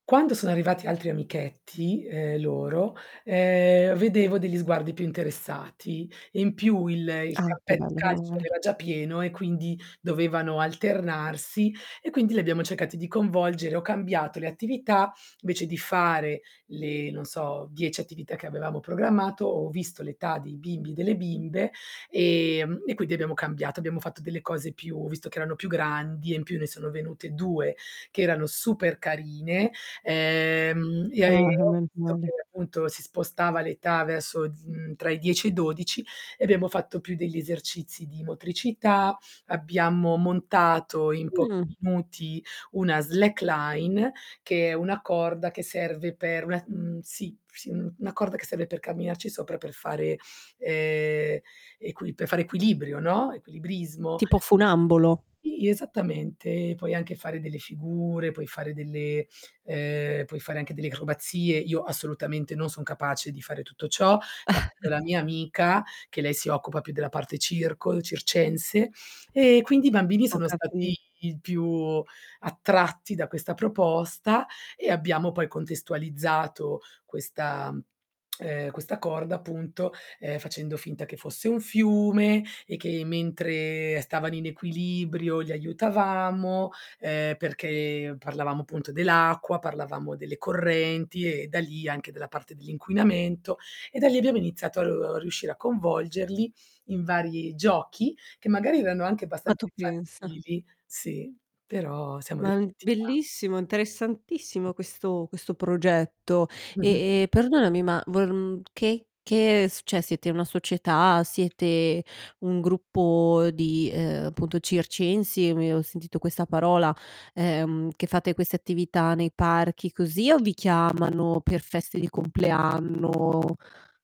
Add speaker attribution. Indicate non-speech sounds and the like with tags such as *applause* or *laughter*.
Speaker 1: Quando sono arrivati altri amichetti, ehm, loro, ehm, vedevo degli sguardi più interessati. In più il il
Speaker 2: Ah, che
Speaker 1: campetto da
Speaker 2: bello.
Speaker 1: calcio
Speaker 2: Menomale.
Speaker 1: era già pieno, e quindi dovevano alternarsi, e quindi lì abbiamo cercati di coinvolgere. Ho cambiato le attività, invece di fare le, non so 10 attività che avevamo programmato, ho visto l'età dei bimbi e delle bimbe ehm, e quindi abbiamo cambiato, abbiamo fatto delle cose più visto che erano più grandi e in più ne sono venute 2 che erano super carine, ehm, e
Speaker 2: Ah,
Speaker 1: ho visto che
Speaker 2: menomale.
Speaker 1: appunto si spostava l'età verso, uhm, tra i 10 e i 12 e abbiamo fatto più degli esercizi di motricità, abbiamo montato in pochi
Speaker 2: Mhmm.
Speaker 1: minuti una slackline, che è una corda che serve per una mhmm, sì, sì una corda che serve per camminarci sopra per fare, ehm, equi per fare equilibrio, no? Equilibrismo.
Speaker 2: Tipo funambolo.
Speaker 1: Sì, esattamente. Ehm, puoi anche fare delle figure, puoi fare delle, ehm, puoi fare anche delle acrobazie, io assolutamente non sono capace di fare tutto ciò, l'ha fatto la
Speaker 2: *chuckles*
Speaker 1: mia amica, che lei si occupa più della parte circo, circense e quindi i bambini
Speaker 2: Ho
Speaker 1: sono stati
Speaker 2: capi
Speaker 1: i più attratti da questa proposta e abbiamo poi contestualizzato questa, *tsk* ehm, questa corda appunto, ehm, facendo finta che fosse un fiume, e che mentre stavano in equilibrio li aiutavamo, ehm, perché parlavamo appunto dell'acqua, parlavamo delle correnti e da lì anche della parte dell'inquinamento. E da lì abbiamo iniziato a riuscire a coinvolgerli in vari giochi, che magari erano anche
Speaker 2: Ma
Speaker 1: abbastanza
Speaker 2: tu pensa?
Speaker 1: infantili sì, però siamo
Speaker 2: Ma uhm,
Speaker 1: riusciti a
Speaker 2: bellissimo, interessantissimo questo questo progetto.
Speaker 1: Mh-mh.
Speaker 2: E e perdonami, ma vor uhm, che che s cioè siete una società? Siete, un gruppo di, ehm, appunto circensi, mi ho sentito questa parola, ehm, che fate queste attività nei parchi così o vi chiamano per feste di compleanno